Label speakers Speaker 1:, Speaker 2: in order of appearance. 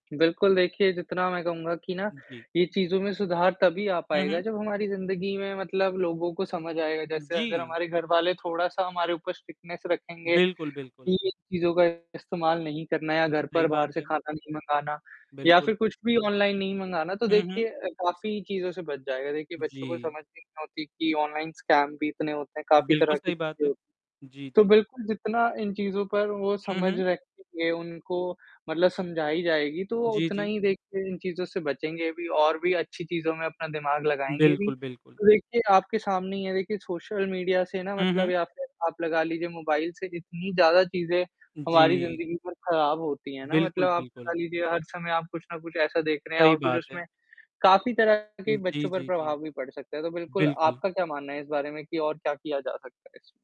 Speaker 1: बिल्कुल देखिए, जितना मैं कहूँगा कि ना
Speaker 2: उ, जी।
Speaker 1: ये चीज़ों में सुधार तभी आ
Speaker 2: हुँ,
Speaker 1: पाएगा
Speaker 2: हुँ।
Speaker 1: जब हमारी ज़िंदगी में मतलब लोगों को समझ आएगा।
Speaker 2: उ,
Speaker 1: जैसे अगर
Speaker 2: जी।
Speaker 1: हमारे घरवाले थोड़ा-सा हमारे ऊपर स्ट्रिक्टनेस रखेंगे
Speaker 2: बिल्कुल,
Speaker 1: कि
Speaker 2: बिल्कुल।
Speaker 1: इन चीज़ों का इस्तेमाल नहीं करना है या घर
Speaker 2: सही
Speaker 1: पर
Speaker 2: बात
Speaker 1: बाहर से
Speaker 2: है।
Speaker 1: खाना नहीं मँगाना या
Speaker 2: बिल्कुल।
Speaker 1: फिर कुछ भी ऑनलाइन नहीं मँगाना, तो
Speaker 2: हुँ, हुँ।
Speaker 1: देखिए काफ़ी चीज़ों से बच जाएगा। देखिए बच्चों को
Speaker 2: जी।
Speaker 1: समझ नहीं होती कि ऑनलाइन स्कैम भी इतने होते हैं, काफ़ी
Speaker 2: बिल्कुल
Speaker 1: तरह की
Speaker 2: सही बात
Speaker 1: चीज़ें
Speaker 2: है।
Speaker 1: होती हैं।
Speaker 2: जी,
Speaker 1: तो
Speaker 2: जी।
Speaker 1: बिल्कुल जितना इन चीज़ों पर वो
Speaker 2: हुँ,
Speaker 1: समझ
Speaker 2: हुँ।
Speaker 1: रखेंगे, उनको मतलब समझाई जाएगी, तो
Speaker 2: जी,
Speaker 1: उतना
Speaker 2: जी।
Speaker 1: ही देखिए इन चीज़ों से बचेंगे भी और भी अच्छी चीज़ों में अपना दिमाग लगाएँगे भी।
Speaker 2: बिल्कुल, बिल्कुल।
Speaker 1: तो देखिए आपके सामने ही है देखिए सोशल मीडिया से ना
Speaker 2: हुँ,
Speaker 1: मतलब
Speaker 2: हुँ।
Speaker 1: या फिर आप लगा लीजिए मोबाइल से इतनी ज़्यादा चीज़ें हमारी
Speaker 2: जी।
Speaker 1: ज़िंदगी पर ख़राब होती हैं ना।
Speaker 2: बिल्कुल,
Speaker 1: मतलब आप लगा
Speaker 2: बिल्कुल।
Speaker 1: लीजिए हर समय आप कुछ न कुछ ऐसा देख रहे हैं
Speaker 2: सही
Speaker 1: और कुछ
Speaker 2: बात है।
Speaker 1: उसमें काफ़ी तरह
Speaker 2: उ,
Speaker 1: के
Speaker 2: जी,
Speaker 1: बच्चों पर
Speaker 2: जी, जी।
Speaker 1: प्रभाव भी पड़ सकता है। तो बिल्कुल
Speaker 2: बिल्कुल।
Speaker 1: आपका क्या मानना है इस बारे में कि और क्या किया जा सकता है इसमें?